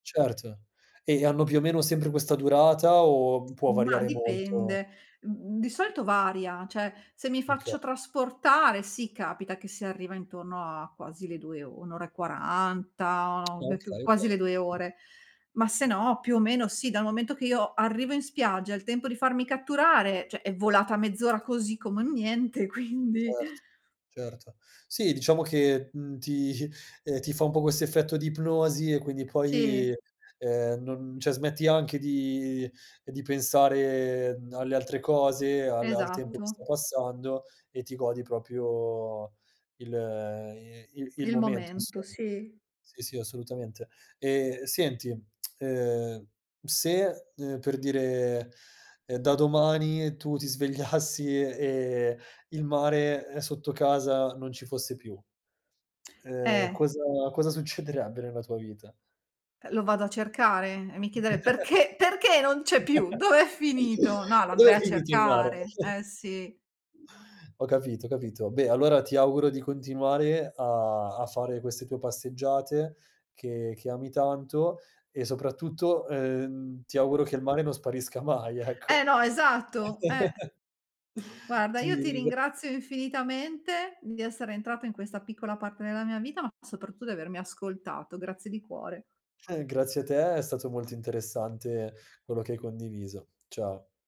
Certo. E gli hanno più o meno sempre questa durata, o può Ma variare molto? dipende. Mhmm, di solito varia, cioè se mi Okay. faccio trasportare sì capita che si arriva intorno a quasi le 2 or 1 ora e 40, o Ah, beh più okay, quasi okay. le 2 ore. Ma se no, più o meno sì, dal momento che io arrivo in spiaggia, il tempo di farmi catturare, cioè è volata mezz'ora così come niente, quindi Certo, certo. Sì, diciamo che, mhmm, ti ehm, ti fa un po' questo effetto di ipnosi e quindi poi, Sì. ehm, non cioè smetti anche di di pensare alle altre cose, al al tempo che sta Esatto. passando, e ti godi proprio il ehm, i il il Il momento momento, insomma. sì. Sì, sì, assolutamente. E senti, ehm, se, uhm, per dire, ehm, da domani tu ti svegliassi e e il mare, uhm, sotto casa non ci fosse più, Eh. cosa cosa succederebbe nella tua vita? Uh lo vado a cercare, e mi chiederei: "Perché? Perché non c'è più? Dov'è finito?" No, lo Ma dove andrei è a finito il mare? cercare. Eh sì. Ho capito, capito. Beh, allora ti auguro di continuare a a fare queste tue passeggiate che che ami tanto, e soprattutto, ehm, ti auguro che il mare non sparisca mai, ecco. Eh no, esatto eh! Guarda, io Ti ti ringr ringrazio infinitamente di essere entrato in questa piccola parte della mia vita, ma soprattutto di avermi ascoltato. Grazie di cuore. Eh grazie a te, è stato molto interessante quello che hai condiviso. Ciao.